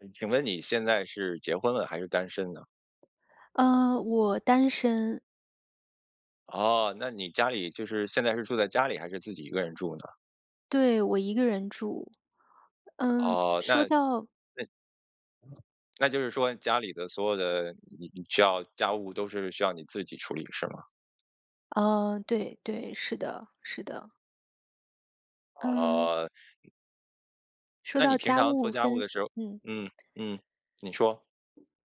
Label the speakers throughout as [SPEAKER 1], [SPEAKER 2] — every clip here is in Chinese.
[SPEAKER 1] 嗯，请问你现在是结婚了，还是单身呢？
[SPEAKER 2] 嗯，我单身。
[SPEAKER 1] 哦，那你家里就是现在是住在家里，还是自己一个人住呢？
[SPEAKER 2] 对，我一个人住。嗯，
[SPEAKER 1] 哦，那
[SPEAKER 2] 说到
[SPEAKER 1] 那那就是说家里的所有的你你需要家务都是需要你自己处理，是吗？
[SPEAKER 2] 嗯，对对。是的是的。嗯。
[SPEAKER 1] 哦。
[SPEAKER 2] 说
[SPEAKER 1] 那你
[SPEAKER 2] 到
[SPEAKER 1] 平
[SPEAKER 2] 家
[SPEAKER 1] 常做
[SPEAKER 2] 务
[SPEAKER 1] 家务
[SPEAKER 2] 分
[SPEAKER 1] 的时候
[SPEAKER 2] 嗯。
[SPEAKER 1] 嗯嗯，你说。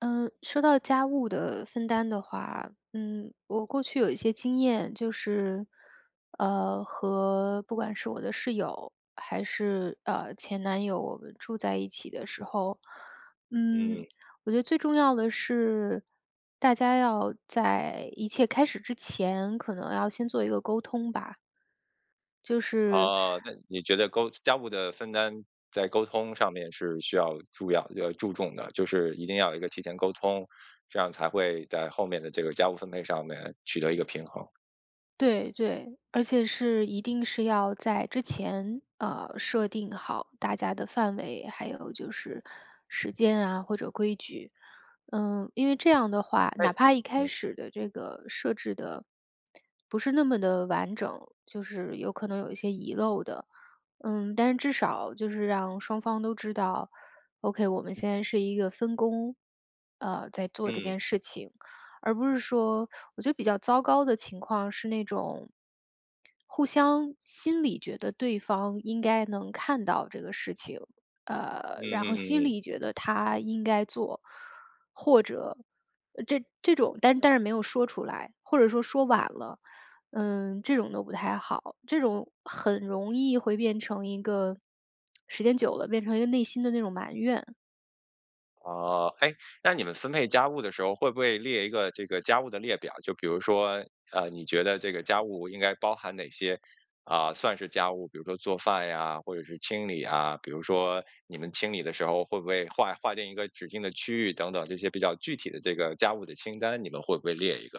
[SPEAKER 2] 嗯，说到家务的分担的话，嗯，我过去有一些经验。就是，呃，和不管是我的室友，还是，呃，前男友，我们住在一起的时候，嗯，
[SPEAKER 1] 嗯。
[SPEAKER 2] 我觉得最重要的是，大家要在一切开始之前，可能要先做一个沟通吧。就是
[SPEAKER 1] 哦，那你觉得沟家家务的分担在沟通上面，是需要注养呃，注重的，就是一定要有一个提前沟通，这样才会在后面的这个家务分配上面，取得一个平衡。
[SPEAKER 2] 对对，而且是一定是要在之前，呃，设定好大家的范围，还有就是时间啊或者规矩。嗯，因为这样的话，
[SPEAKER 1] 那
[SPEAKER 2] 哪怕一开
[SPEAKER 1] 嗯。
[SPEAKER 2] 始的这个设置的不是那么地完整，就是可能有些遗漏的，嗯，但至少就是让双方都知道：“OK，我们现在是一个分工，呃，在做这
[SPEAKER 1] 嗯。
[SPEAKER 2] 件事情”。而不是说我觉得比较糟糕的情况，是那种互相心里觉得对方应该能看到这个事情，
[SPEAKER 1] 嗯
[SPEAKER 2] 呃，然
[SPEAKER 1] 嗯
[SPEAKER 2] 后心
[SPEAKER 1] 嗯嗯。
[SPEAKER 2] 里觉得他应该做，或者呃，这这种但但是没有说出来，或者说说晚了，嗯，这种都不太好。这种很容易会变成一个时间久了，变成一个内心的那种埋怨。
[SPEAKER 1] 哦，哎，那你们分配家务的时候，会不会列一个这个家务的列表？就比如说，呃，你觉得这个家务应该包含哪些呃，算是家务，比如做饭呀，或者是清理呀。比如说，你们清理的时候，会不会划划定一个指定的区域等等，这些比较具体的这个家务的清单，你们会不会列一个？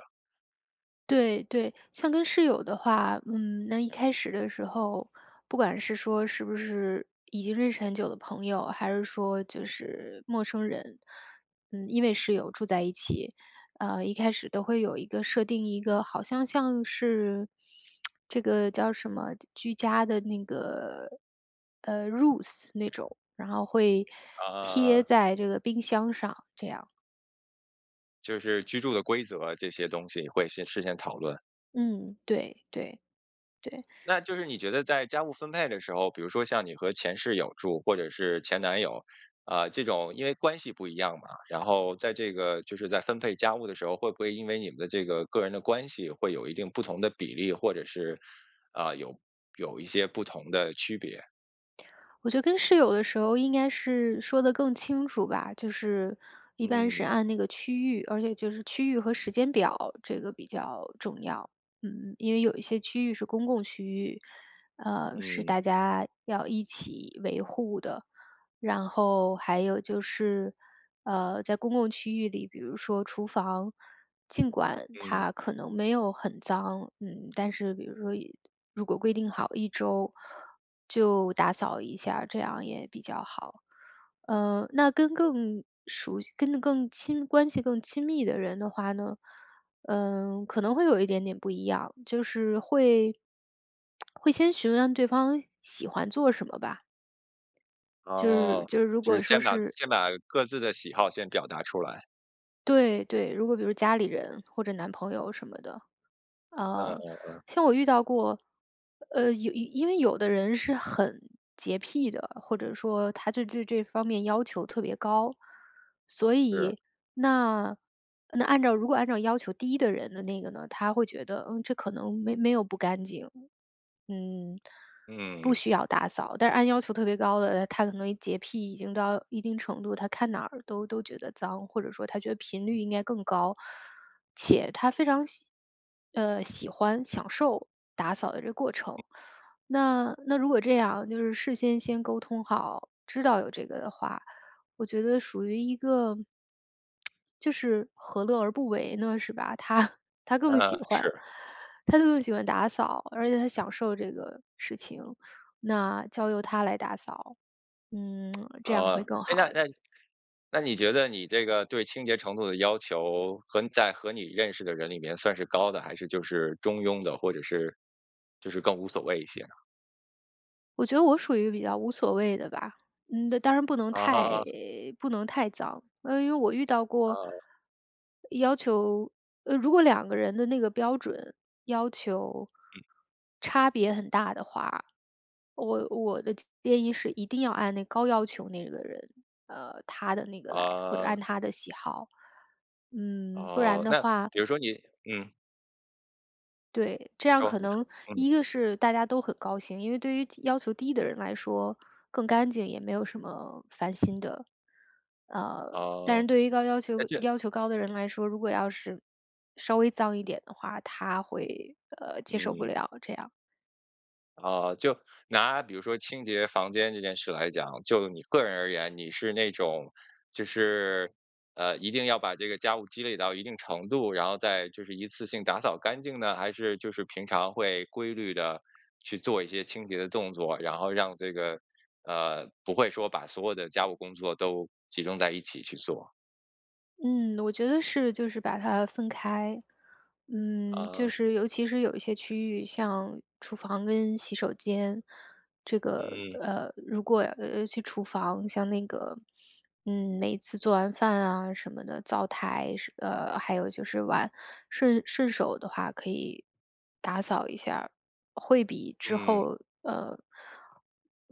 [SPEAKER 2] 对对。像跟室友的话，嗯，那一开始的时候，不管是说是不是已经认识很久的朋友，还是说就是陌生人，嗯，因为室友住在一起，呃，一开始都会有一个设定一个好像像是 这个叫什么？居家的那个，呃，rules 那种，然后会
[SPEAKER 1] 嗯嗯
[SPEAKER 2] 贴
[SPEAKER 1] 嗯。
[SPEAKER 2] 在这个冰箱上，这样。
[SPEAKER 1] 就是居住的规则，这些东西，会先事先讨论？
[SPEAKER 2] 嗯，对对，对。
[SPEAKER 1] 那就是你觉得在家务分配的时候，比如说像你和前室友住，或者是前男友，呃，这种因为关系不一样嘛，然后在这个就是在分配家务的时候，会不会因为你们的这个个人的关系，会有一定不同的比例，或者是，呃，有有一些不同的区别？
[SPEAKER 2] 我觉得跟室友的时候，应该是说得更清楚吧。就是一般是
[SPEAKER 1] 嗯。
[SPEAKER 2] 按那个区域，而且就是区域和时间表，这个比较重要，嗯。因为有一些区域是公共区域，呃，是
[SPEAKER 1] 嗯。
[SPEAKER 2] 大家要一起维护的。然后还有就是，呃，在公共区域里，比如说厨房，尽管
[SPEAKER 1] 嗯。
[SPEAKER 2] 它可能没有很脏，嗯，但是比如说一如果规定好1周就打扫一下，这样也比较好。呃，那跟更熟悉跟更亲关系更亲密的人的话呢，嗯，可能会有一点点不一样。就是会会先询问对方喜欢做什么吧。就是
[SPEAKER 1] 哦，
[SPEAKER 2] 就如
[SPEAKER 1] 就是
[SPEAKER 2] 果说
[SPEAKER 1] 先把
[SPEAKER 2] 是
[SPEAKER 1] 先把各自的喜好先表达出来。
[SPEAKER 2] 对对，如果比如说家里人，或者男朋友什么的。
[SPEAKER 1] 嗯
[SPEAKER 2] 呃，
[SPEAKER 1] 嗯嗯。
[SPEAKER 2] 像我遇到过呃，有因为有的人是很洁癖的，或者说他就对这方面要求特别高。所
[SPEAKER 1] 是。
[SPEAKER 2] 以，那那按照如果按照要求低的人的那个呢，他会觉得：“嗯，这可能没没有不干净，嗯，不
[SPEAKER 1] 嗯。
[SPEAKER 2] 需要打扫。”但是按要求特别高的，呃，他可能洁癖已经到一定程度，他看哪儿都都觉得脏，或者说他觉得频率应该更高，且他非常喜呃，喜欢、享受打扫的这过程。那那如果这样就是事先先沟通好，知道有这个的话，我觉得属于一个就是何乐而不为呢，是吧？他他更喜
[SPEAKER 1] 嗯，
[SPEAKER 2] 欢
[SPEAKER 1] 是。
[SPEAKER 2] 他更喜欢打扫，而且他享受这个事情，那交由他来打扫，嗯，这样会
[SPEAKER 1] 哦，
[SPEAKER 2] 更
[SPEAKER 1] 哎，
[SPEAKER 2] 好。
[SPEAKER 1] 那那那你觉得你这个，对清洁程度的要求，和在和你认识的人里面，算是高的还是就是中庸的，或者是就是更无所谓一些呢？
[SPEAKER 2] 我觉得我属于比较无所谓的吧。嗯，当然不能
[SPEAKER 1] 哦
[SPEAKER 2] 太
[SPEAKER 1] 吼。
[SPEAKER 2] 不能太早，啊，因为我遇到过
[SPEAKER 1] 哦。
[SPEAKER 2] 要求呃，如果两个人的那个标准要求
[SPEAKER 1] 嗯。
[SPEAKER 2] 差别很大的话，我我的建议是一定要按那高要求那个人，呃，他的那个来，或者
[SPEAKER 1] 哦。
[SPEAKER 2] 按他的喜好。嗯，不然
[SPEAKER 1] 哦，
[SPEAKER 2] 的
[SPEAKER 1] 那
[SPEAKER 2] 话
[SPEAKER 1] 比如说你嗯。
[SPEAKER 2] 对，这样
[SPEAKER 1] 说，
[SPEAKER 2] 可
[SPEAKER 1] 你说，
[SPEAKER 2] 能
[SPEAKER 1] 嗯。
[SPEAKER 2] 一个是大家都很高兴，因为对于低要求低的人来说，更干净也没有什么烦心的。呃，但
[SPEAKER 1] 哦，
[SPEAKER 2] 是对于高要
[SPEAKER 1] 诶
[SPEAKER 2] 求
[SPEAKER 1] 对。
[SPEAKER 2] 要求高的人来说，如果要是稍微脏一点的话，他会，呃，接受不
[SPEAKER 1] 嗯。
[SPEAKER 2] 了这样。
[SPEAKER 1] 哦，就拿比如说清洁房间这件事来讲，就你个人而言你是那种就是，呃，一定要把这个家务积累到一定程度然后再就是一次性打扫干净呢？还是就是平常会规律地去做一些清洁的动作，然后让这个呃，不会说把所有的家务工作都集中在一起去做？
[SPEAKER 2] 嗯，我觉得是就是把它分开。嗯，就
[SPEAKER 1] 哦。
[SPEAKER 2] 是尤其是有一些区域像厨房跟洗手间，这个，
[SPEAKER 1] 嗯。
[SPEAKER 2] 呃，如果，呃，尤其厨房像那个嗯，每次做完饭啊，什么的，灶台是呃，还有就是碗，顺顺手的话可以打扫一下儿。会比之
[SPEAKER 1] 嗯。
[SPEAKER 2] 后呃，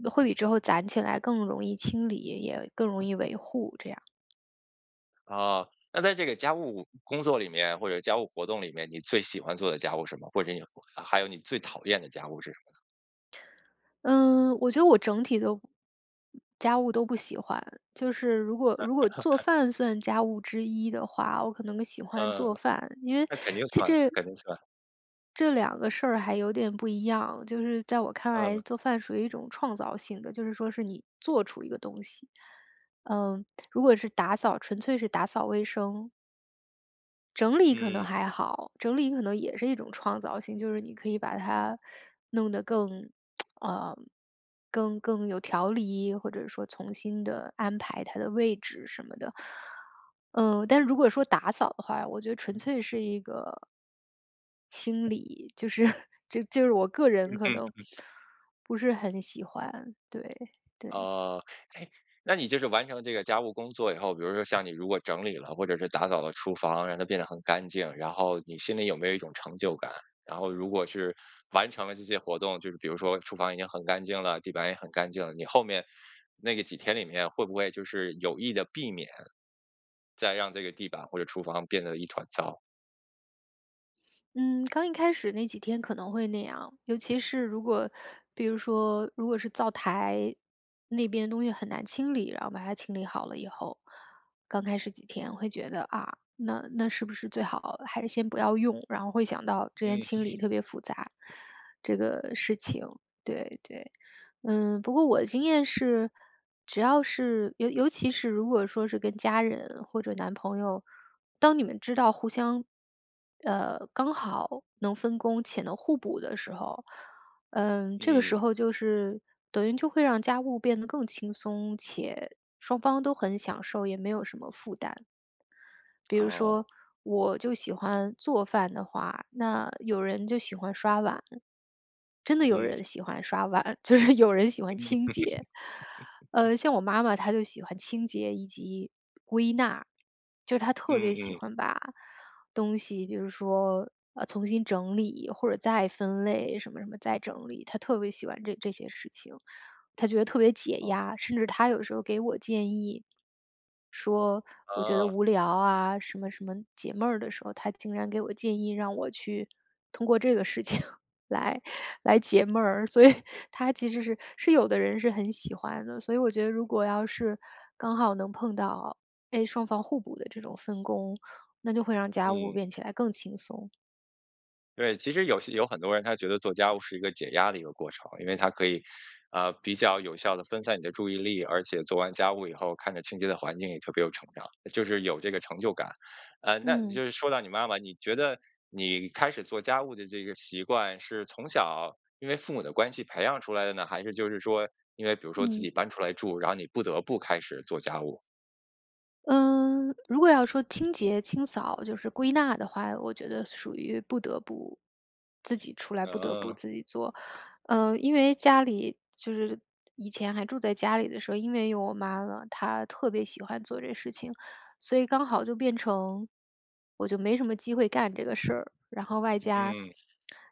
[SPEAKER 2] 会比之后攒起来更容易清理，也更容易维护这样。
[SPEAKER 1] 哦。那在这个家务工作里面，或者家务活动里面，你最喜欢做的家务是什么？或者你还有你最讨厌的家务是什么呢？
[SPEAKER 2] 嗯，我觉得我整体都家务都不喜欢。就是如果如果做 饭算家务之一的话，我可能更喜欢
[SPEAKER 1] 嗯，
[SPEAKER 2] 做饭。因为
[SPEAKER 1] 那肯定
[SPEAKER 2] 其
[SPEAKER 1] 算，
[SPEAKER 2] 这
[SPEAKER 1] 肯定算。
[SPEAKER 2] 这两个事儿还有点不一样，就是在我看来
[SPEAKER 1] 嗯。
[SPEAKER 2] 做饭属于一种创造性的，就是说是你做出一个东西。嗯，如果是打扫纯粹是打扫卫生整理可能
[SPEAKER 1] 嗯。
[SPEAKER 2] 还好，整理可能也是一种创造性。就是你可以把它弄得更 呃，更更有条理或者说重新地安排它的位置什么的。嗯，但如果说打扫的话，我觉得纯粹是一个清理，就是就就是我个
[SPEAKER 1] 嗯
[SPEAKER 2] 人可
[SPEAKER 1] 哼。
[SPEAKER 2] 能
[SPEAKER 1] 嗯。
[SPEAKER 2] 不是很喜欢，对，对。
[SPEAKER 1] 哦，诶，那你就是完成这个家务工作以后，比如说像你如果整理了或者是打扫了厨房，让它变得很干净，然后你心里有没有一种成就感？然后如果是完成了这些活动，就是比如说厨房已经很干净了，地板也很干净了，你后面那个几天里面会不会就是有意地避免再让这个地板或者厨房变得一团糟？
[SPEAKER 2] 嗯，刚一开始那几天可能会那样。尤其是如果比如说，如果是灶台那边东西很难清理，然后把它清理好了以后，刚开始几天我会觉得，啊，那那是不是最好还是先不要用。然后会想到之前
[SPEAKER 1] 嗯。
[SPEAKER 2] 清理特别复杂，这个事情。对，对。嗯，不过我的经验是只要是尤尤其是如果说是跟家人或者男朋友，当你们知道互相呃，刚好能分工且能互补的时候，嗯，这个
[SPEAKER 1] 嗯。
[SPEAKER 2] 时候就是等于就会让家务变得更轻松且双方都很享受，也没有什么负担。比如
[SPEAKER 1] 哦。
[SPEAKER 2] 说我就喜欢做饭的话，那有人就喜欢刷碗。真的有
[SPEAKER 1] 嗯。
[SPEAKER 2] 人喜欢刷碗，就是有人喜欢清洁。呃，像我妈妈她就喜欢清洁以及归纳。就是她特
[SPEAKER 1] 嗯
[SPEAKER 2] 别喜
[SPEAKER 1] 嗯。
[SPEAKER 2] 欢把东西比如说，呃，重新整理或者再分类，什么什么再整理。她特别喜欢这这些事情，她觉得特别解
[SPEAKER 1] 哦。
[SPEAKER 2] 压。甚至她有的时候给我建议，说我觉得
[SPEAKER 1] 呃。
[SPEAKER 2] 无聊啊，什么什么解闷儿的时候，她竟然给我建议，让我去通过这个事情来来解闷儿。所以它其实是是有的人是很喜欢的。所以我觉得如果要是刚好能碰到，诶，双方互补的这种分工，那就会让家务
[SPEAKER 1] 嗯。
[SPEAKER 2] 变起来更轻松。
[SPEAKER 1] 对，其实有些有很多人他觉得做家务是一个解压的一个过程。因为他可以，呃，比较有效地分散你的注意力。而且做完家务以后，看着清洁的环境，也就特别有成长，就是有这个成就感。啊，那你
[SPEAKER 2] 嗯。
[SPEAKER 1] 就是说到你妈妈，你觉得你开始做家务的这个习惯，是从小因为父母的关系培养出来的呢？还是就是说因为比如说自
[SPEAKER 2] 嗯。
[SPEAKER 1] 己搬出来住，然后你不得不开始做家务？
[SPEAKER 2] 嗯，如果要说清洁、清扫，就是归纳的话，我觉得属于不得不自己出来，不得不
[SPEAKER 1] 嗯。
[SPEAKER 2] 自己做。嗯，因为家里就是以前还住在家里的时候，因为有我妈妈，她特别喜欢做这事情，所以刚好就变成我就没什么机会干这个事儿。然后外加
[SPEAKER 1] 嗯。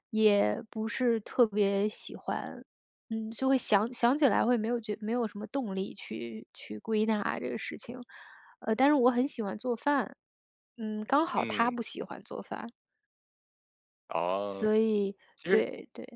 [SPEAKER 2] 也不是特别喜欢，嗯，就会想想起来会没有觉没有什么动力去去归纳这个事情。呃，但是我很喜欢做饭，嗯，刚好她
[SPEAKER 1] 嗯。
[SPEAKER 2] 不喜欢做饭。所
[SPEAKER 1] 哦，
[SPEAKER 2] 以
[SPEAKER 1] 其实
[SPEAKER 2] 对，对。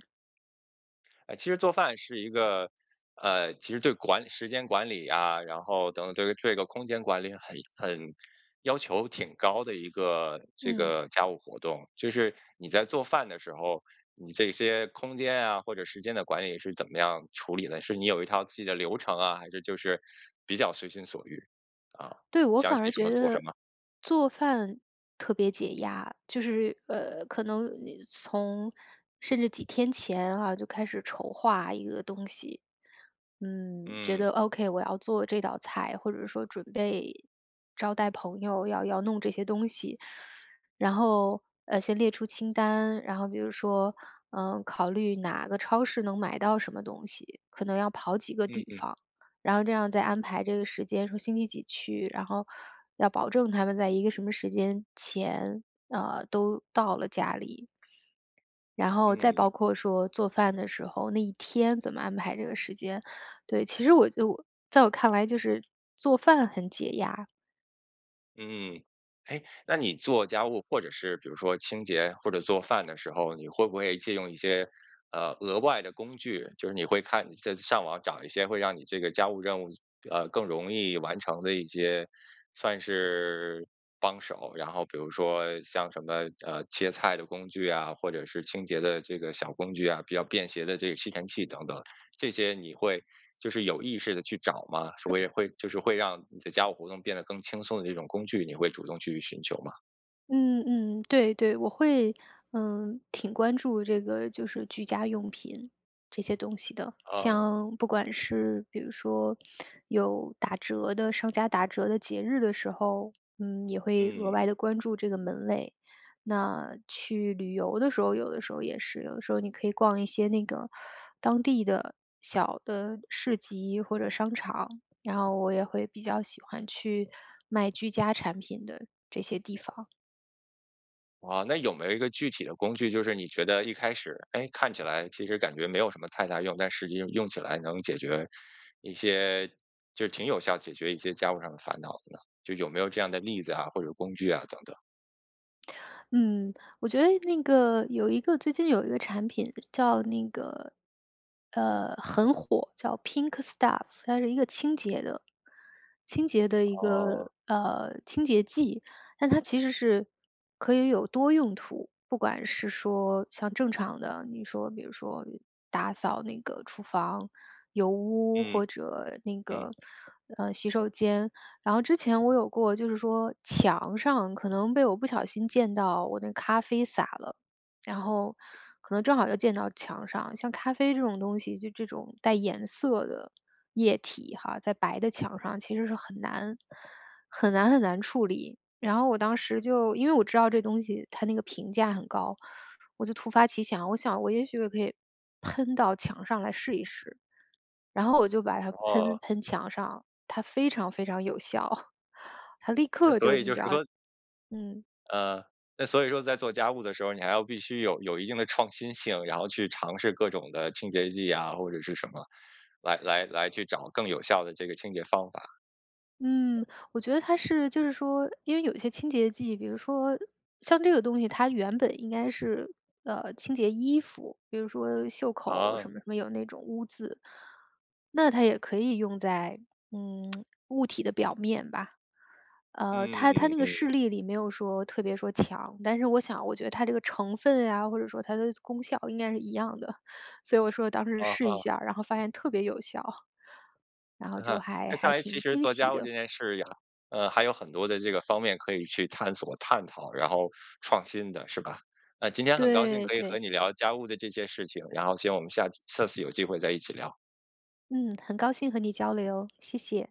[SPEAKER 1] 诶，其实做饭是一个呃，其实对管时间管理呀，然后等对于这个空间管理很很要求挺高的一个这
[SPEAKER 2] 嗯。
[SPEAKER 1] 个家务活动。就是你在做饭的时候，你这些空间啊，或者时间的管理是怎么样处理的？是你有一套自己的流程啊？还是就是比较随心所欲？啊，
[SPEAKER 2] 对，我
[SPEAKER 1] 想
[SPEAKER 2] 反
[SPEAKER 1] 起
[SPEAKER 2] 而
[SPEAKER 1] 什
[SPEAKER 2] 觉
[SPEAKER 1] 么做什
[SPEAKER 2] 得
[SPEAKER 1] 么？
[SPEAKER 2] 做饭特别解压。就是呃，可能你从甚至几天前啊，就开始筹划一个东西。嗯，觉
[SPEAKER 1] 嗯。
[SPEAKER 2] 得：“OK，我要做这道菜。”或者说准备招待朋友，要要弄这些东西。然后，呃，先列出清单，然后比如说，嗯，考虑哪个超市能买到什么东西。可能要跑几个
[SPEAKER 1] 嗯
[SPEAKER 2] 地
[SPEAKER 1] 嗯。
[SPEAKER 2] 方，然后这样再安排这个时间，说星期几去。然后要保证他们在一个什么时间前，呃，都到了家里。然后再
[SPEAKER 1] 嗯。
[SPEAKER 2] 包括说做饭的时候那一天怎么安排这个时间。对，其实我就在我看来就是做饭很解压。
[SPEAKER 1] 嗯。诶，那你做家务，或者是比如说清洁，或者做饭的时候，你会不会借用一些，呃，额外的工具，就是你会看再上网找一些会让你这个家务任务呃，更容易完成的一些算是帮手，然后比如说像什么，呃，切菜的工具啊，或者是清洁的这个小工具啊，比较便携的这个吸尘器等等，这些你会就是有意识地去找吗？是会会就是会让你的家务活动变得更轻松的这种工具，你会主动去寻求吗？
[SPEAKER 2] 嗯，嗯，对，对。我会，嗯，挺关注这个就是居家用品这些东西的。
[SPEAKER 1] 哦。
[SPEAKER 2] 像不管是比如说有打折的商家打折的节日的时候，嗯，也会额
[SPEAKER 1] 嗯。
[SPEAKER 2] 外地关注这个门类。那去旅游的时候有的时候也是，有的时候你可以逛一些那个当地的小的市集或者商场，然后我也会比较喜欢去卖居家产品的这些地方。
[SPEAKER 1] 哦，那有没有一个具体的工具，就是你觉得一开始，诶，看起来其实感觉没有什么太大用，但实际用起来能解决一些就挺有效解决一些家务上的烦恼的呢？就有没有这样的例子啊，或者工具啊等等？
[SPEAKER 2] 嗯。我觉得那个有一个最近有一个产品叫那个呃，很火，叫 pink staff。它是一个清洁的清洁的一
[SPEAKER 1] 哦。
[SPEAKER 2] 个呃，清洁剂。但它其实是可以有多用途。不管是说像正常的，比如说比如说打扫那个厨房油污，
[SPEAKER 1] 嗯，
[SPEAKER 2] 或者那个，
[SPEAKER 1] 嗯。
[SPEAKER 2] 呃，洗手间，然后之前我有过，就是说，墙上可能被我不小心溅到我那个咖啡洒了。然后，可能正好又溅到墙上。像咖啡这种东西，就这种带颜色的液体哈，在白的墙上其实是很难很难很难处理。然后我当时就因为我知道这东西它那个评价很高，我就突发奇想，我想我也许我可以喷到墙上来试一试。然后我就把它喷
[SPEAKER 1] 哦。
[SPEAKER 2] 喷墙上，它非常非常有效。它立
[SPEAKER 1] 诶，
[SPEAKER 2] 刻
[SPEAKER 1] 所
[SPEAKER 2] 就
[SPEAKER 1] 以
[SPEAKER 2] 你
[SPEAKER 1] 就
[SPEAKER 2] 知
[SPEAKER 1] 是
[SPEAKER 2] 道。
[SPEAKER 1] 说
[SPEAKER 2] 嗯。
[SPEAKER 1] 呃，那所以说在做家务的时候你还要必须有有一定的创新性，然后去尝试各种的清洁剂呀或者是什么，来来来去找更有效的这个清洁方法。
[SPEAKER 2] 嗯，我觉得它是就是说因为有一些清洁剂比如说像这个东西它原本应该是，呃，清洁衣服，比如说袖口
[SPEAKER 1] 哦。
[SPEAKER 2] 什么什么，有那种污渍。那它也可以用在，嗯，物体的表面吧。呃，
[SPEAKER 1] 嗯，
[SPEAKER 2] 它它
[SPEAKER 1] 嗯，
[SPEAKER 2] 那个
[SPEAKER 1] 嗯。
[SPEAKER 2] 示例里没有说，特别说墙，但是我想我觉得它这个成分呀，或者说它的功效应该是一样的。所以我说当时
[SPEAKER 1] 啊
[SPEAKER 2] 试一
[SPEAKER 1] 哈。
[SPEAKER 2] 下，然后发现特别有效，然后
[SPEAKER 1] 嗯
[SPEAKER 2] 就
[SPEAKER 1] 哼。
[SPEAKER 2] 还
[SPEAKER 1] 那看
[SPEAKER 2] 还
[SPEAKER 1] 来其
[SPEAKER 2] 挺
[SPEAKER 1] 实
[SPEAKER 2] 惊
[SPEAKER 1] 做
[SPEAKER 2] 喜
[SPEAKER 1] 家务
[SPEAKER 2] 的。
[SPEAKER 1] 这件事也还嗯，还有很多的这个方面可以去探索、探讨，然后创新的是吧？呃，今天很高兴
[SPEAKER 2] 对，
[SPEAKER 1] 可以和
[SPEAKER 2] 对。
[SPEAKER 1] 你聊家务的这些事情，然后，行，我们下次下次有机会再一起聊。
[SPEAKER 2] 嗯，很高兴和你交流，谢谢。